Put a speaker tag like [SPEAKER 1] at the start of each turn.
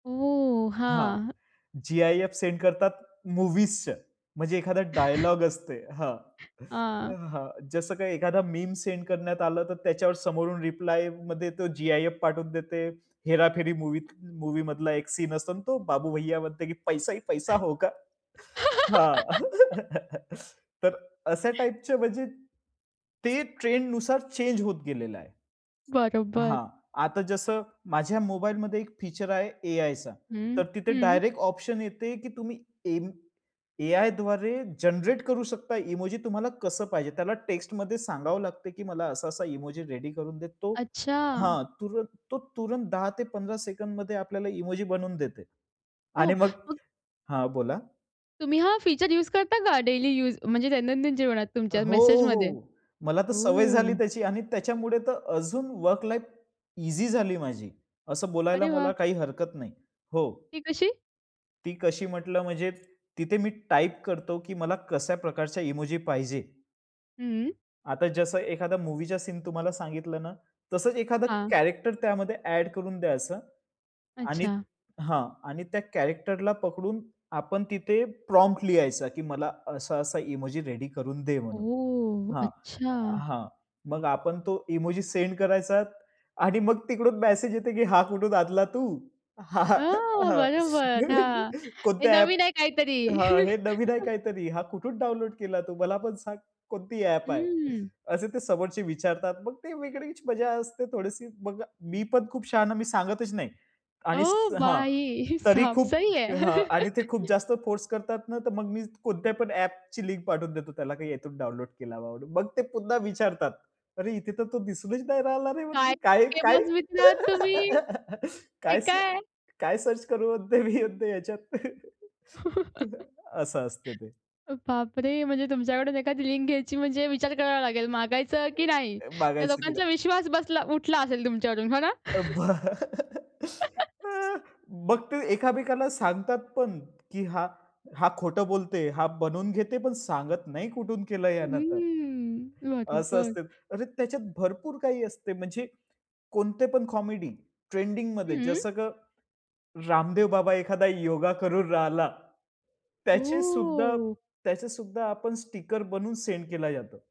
[SPEAKER 1] ओह!
[SPEAKER 2] हां,
[SPEAKER 1] हां.
[SPEAKER 2] GIF send करतात मूव्हीजचं, म्हणजे एखादा डायलॉग असते हां,
[SPEAKER 1] हां.
[SPEAKER 2] हां जसं काही एखादा मीम सेंड करण्यात आलं तर, त्याच्यावर समोरून रिप्लायमध्ये, तो जी-आय-एफ पाठवून देते. हेराफेरी मूव्हीत मूव्हीमधला एक सीन असतो आणि तो बाबू भैय्या म्हणते की "पैसा ही पैसा होगा." हां, तर अ, अशा टाइपच म्हणजे ते ट्रेंड नुसार चेंज होत गेलेलं आहे.
[SPEAKER 1] बरोबर.
[SPEAKER 2] हां. आता जसं माझ्या मोबाईलमध्ये एक फीचर आहे, ए-आयचं
[SPEAKER 1] हं,
[SPEAKER 2] तर तिथे
[SPEAKER 1] हं.
[SPEAKER 2] डायरेक्ट ऑप्शन येते, की तुम्ही एम ए-आयद्वारे जनरेट करू शकता इमोजी तुम्हाला कसं पाहिजे, त्याला टेक्स्टमध्ये सांगावं लागते, की मला असा-असा इमोजी रेडी करून देतो
[SPEAKER 1] अच्छा!
[SPEAKER 2] हां, तुरंत तो तुरंत 10 ते 15 सेकंदमध्ये आपल्याला इमोजी बनवून देते आणि
[SPEAKER 1] हो,
[SPEAKER 2] मग
[SPEAKER 1] मग
[SPEAKER 2] हां बोला.
[SPEAKER 1] तुम्ही हा फीचर यूज करता का डेली यूज, म्हणजे दैनंदिन जीवनात
[SPEAKER 2] अ,
[SPEAKER 1] तुमच्या
[SPEAKER 2] हो,
[SPEAKER 1] मेसेजमध्ये?
[SPEAKER 2] हो. मला तर सवय झाली
[SPEAKER 1] ओह!
[SPEAKER 2] त्याची आणि त्याच्यामुळे तर अजून वर्क लाईफ ईझी झाली माझी, असं बोलायला
[SPEAKER 1] अरे वाह!
[SPEAKER 2] मला काही हरकत नाही. हो.
[SPEAKER 1] ती कशी?
[SPEAKER 2] ती कशी म्हंटलं म्हणजे? तिथे मी टाइप करतो, की मला कशा प्रकारच्या इमोजी पाहिजे.
[SPEAKER 1] हं.
[SPEAKER 2] आता जसं, एखादा मूव्हीचा सीन तुम्हाला सांगितलं ना, तसंच एखादा
[SPEAKER 1] हां.
[SPEAKER 2] कॅरेक्टर त्यामध्ये ॲड करून द्यायचं आणि
[SPEAKER 1] अच्छा.
[SPEAKER 2] हां. आणि त्या कॅरेक्टरला पकडून आपण तिथे प्रॉम्प्ट लिहायचा, की मला असा-असा इमोजी रेडी करून दे म्हणून
[SPEAKER 1] ओह!
[SPEAKER 2] हां.
[SPEAKER 1] अच्छा.
[SPEAKER 2] हां. मग आपण तो इमोजी सेंड करायचा आणि मग तिकडून मेसेज येतो, की "हा कुठून आणला तू?
[SPEAKER 1] अ, बरोबर. हां. हे
[SPEAKER 2] कोणत्या ॲप?"
[SPEAKER 1] नवीन आहे काहीतरी.
[SPEAKER 2] हां, "हे नवीन आहे काहीतरी, हा कुठून डाउनलोड केला तू? मला पण सांग. कोणती ॲप आहे?"
[SPEAKER 1] हम्म.
[SPEAKER 2] असे ते समोरचे विचारतात, मग ते वेगळीच मजा असते थोडीशी. मग मी पण खूप शहाणा, मी सांगतच नाही आणि
[SPEAKER 1] ओह!
[SPEAKER 2] हां,
[SPEAKER 1] भाई
[SPEAKER 2] तरी
[SPEAKER 1] साब!
[SPEAKER 2] खूप
[SPEAKER 1] सही है
[SPEAKER 2] हां. आणि ते खूप जास्त फोर्स करतात ना, तर मग मी कोणत्या पण ॲपची लिंक पाठवून देतो, त्याला का यातून डाउनलोड केला बाबांनो. मग ते पुन्हा विचारतात, "अरे! इथे तर तो दिसूनच नाही राहिला रे,
[SPEAKER 1] काय
[SPEAKER 2] मग
[SPEAKER 1] [unintelligible]
[SPEAKER 2] काय-काय?"
[SPEAKER 1] मित्र आहात तुम्ही? हे
[SPEAKER 2] काय स
[SPEAKER 1] काय?
[SPEAKER 2] काय सर्च करू म्हणते, मी म्हणते ह्याच्यात असं असते ते.
[SPEAKER 1] बापरे! म्हणजे तुमच्याकडून एखादी लिंक घ्यायची म्हणजे विचार करावा लागेल, मागायचं
[SPEAKER 2] ए
[SPEAKER 1] की नाही?
[SPEAKER 2] ए
[SPEAKER 1] त्या
[SPEAKER 2] मागायचं की
[SPEAKER 1] लोकांचा
[SPEAKER 2] नाही?
[SPEAKER 1] विश्वास बसला उठला असेल तुमच्यावरून हो ना?
[SPEAKER 2] मग ते एकामेकाला सांगतात पण, की हा हा खोटं बोलत आहे, हा बनवून घेते, पण सांगत नाही कुठून केलं यानं तर,
[SPEAKER 1] उम्म.
[SPEAKER 2] असं
[SPEAKER 1] बरोबर.
[SPEAKER 2] असते. अरे, त्याच्यात भरपूर काही असते. म्हणजे कोणते पण कॉमेडी ट्रेंडिंगमध्ये,
[SPEAKER 1] हं.
[SPEAKER 2] जसं का रामदेव बाबा एखादा योगा करून राहिला, त्याचे सुद्धा,
[SPEAKER 1] ओह!
[SPEAKER 2] त्याचे सुद्धा आपण स्टिकर बनून सेंड केला जातो.